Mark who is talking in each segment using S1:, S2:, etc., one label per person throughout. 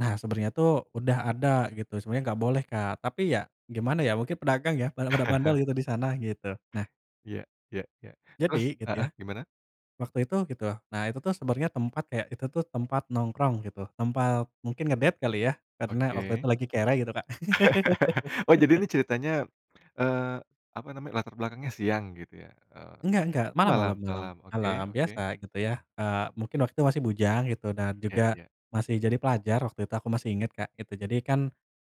S1: Nah, sebenernya tuh udah ada, gitu. Sebenarnya nggak boleh, Kak. Tapi ya gimana ya mungkin pedagang ya, pada pada bandel, gitu, di sana, gitu. Nah
S2: Iya iya iya. Terus,
S1: Jadi, gitu
S2: heeh,
S1: ya,
S2: gimana?
S1: waktu itu, gitu. Nah, itu tuh sebenarnya tempat kayak, itu tuh tempat nongkrong, gitu. Tempat mungkin nge-date kali ya? Karena waktu itu
S2: Oke.
S1: lagi kere, gitu, Kak.
S2: Oh, jadi ini ceritanya, eee, apa namanya, latar belakangnya siang gitu ya? E
S1: Enggak enggak!
S2: oh,
S1: Malam
S2: malam
S1: malam malam
S2: malam. Oke
S1: malam.
S2: oke.
S1: Biasa, gitu ya. Eee, mungkin waktu masih bujang, gitu. Dan
S2: Ya
S1: juga
S2: ya.
S1: masih jadi pelajar waktu itu, aku masih inget, Kak, gitu. Jadi, kan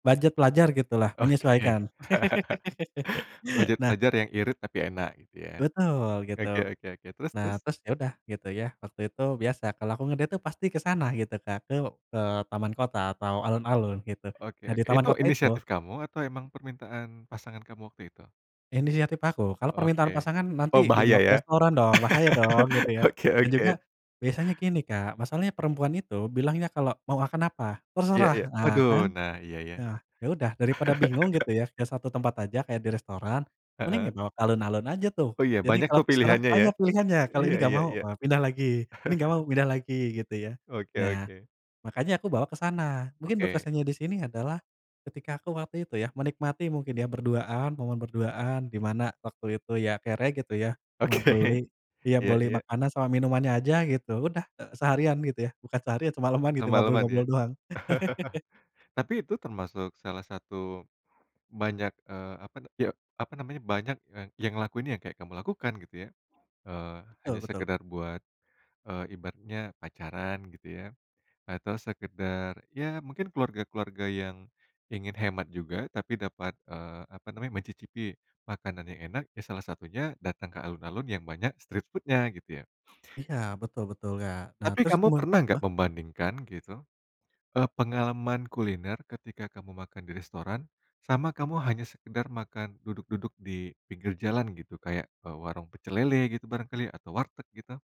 S1: budget pelajar, gitu lah,
S2: Oke.
S1: menyesuaikan.
S2: Budget
S1: Nah
S2: pelajar yang irit tapi enak, gitu ya.
S1: Betul, gitu.
S2: Oke oke oke. Terus
S1: Nah,
S2: terus?
S1: terus ya udah, gitu ya. Waktu itu biasa kalau aku nge-date tuh pasti ke sana, gitu, Kak. Ke, eee, taman kota atau alun-alun, gitu.
S2: Oke
S1: Nah, di
S2: oke.
S1: taman
S2: Itu
S1: kota itu
S2: inisiatif kamu atau emang permintaan pasangan kamu waktu itu?
S1: Inisiatif aku. Kalau
S2: Oke.
S1: permintaan pasangan
S2: Oh,
S1: nanti
S2: bahaya
S1: dibawa ke
S2: ya?
S1: restoran dong, bahaya dong, gitu ya.
S2: Oke
S1: Dan
S2: oke.
S1: juga biasanya gini, Kak, masalahnya perempuan itu bilangnya kalau mau akan apa,
S2: Iya
S1: "Terserah!"
S2: iya.
S1: Ah,
S2: Waduh!
S1: kan!
S2: Nah, iya, ya
S1: E
S2: ya.
S1: ah. Ya udah, daripada bingung, gitu ya. Ke satu tempat aja kayak di restoran, mending ya
S2: Heeh.
S1: bawa alun-alun aja tuh.
S2: Oh, iya.
S1: Jadi,
S2: Banyak
S1: kalau
S2: tuh
S1: terserah,
S2: pilihannya ya?
S1: banyak pilihannya. Kalau ini
S2: Iya
S1: nggak
S2: iya
S1: mau
S2: iya.
S1: e pindah lagi. Ini nggak mau, pindah lagi, gitu ya.
S2: Oke
S1: Nah,
S2: oke.
S1: makanya aku bawa ke sana. Mungkin
S2: Oke.
S1: berkesannya di sini adalah ketika aku waktu itu ya, menikmati mungkin ya, berduaan, momen berduaan, di mana waktu itu ya kere, gitu ya. Ma
S2: Oke.
S1: beli, ya
S2: Iya
S1: beli
S2: iya.
S1: makanan sama minumannya aja, gitu. Udah e seharian gitu ya, bukan seharian semaleman, gitu,
S2: Semalaman ya?
S1: ngobrol-ngobrol doang.
S2: Tapi itu termasuk salah satu banyak, eee, apa na ya, apa namanya, banyak e yang ngelakuin yang kayak kamu lakukan, gitu ya. Eee,
S1: Betul
S2: hanya
S1: betul.
S2: sekedar buat e ibaratnya pacaran, gitu ya. Atau sekedar, ya mungkin keluarga-keluarga yang ingin hemat juga tapi dapat, eee, apa namanya, mencicipi makanan yang enak ya salah satunya datang ke alun-alun yang banyak street food-nya, gitu ya.
S1: Iya, betul betul, Kak. Nah,
S2: Tapi
S1: terus
S2: kamu
S1: kemu
S2: pernah nggak
S1: heeh?
S2: membandingkan, gitu, e pengalaman kuliner ketika kamu makan di restoran, sama kamu hanya sekedar makan duduk-duduk di pinggir jalan, gitu. Kayak e warung pecel lele, gitu, barang kali atau warteg, gitu?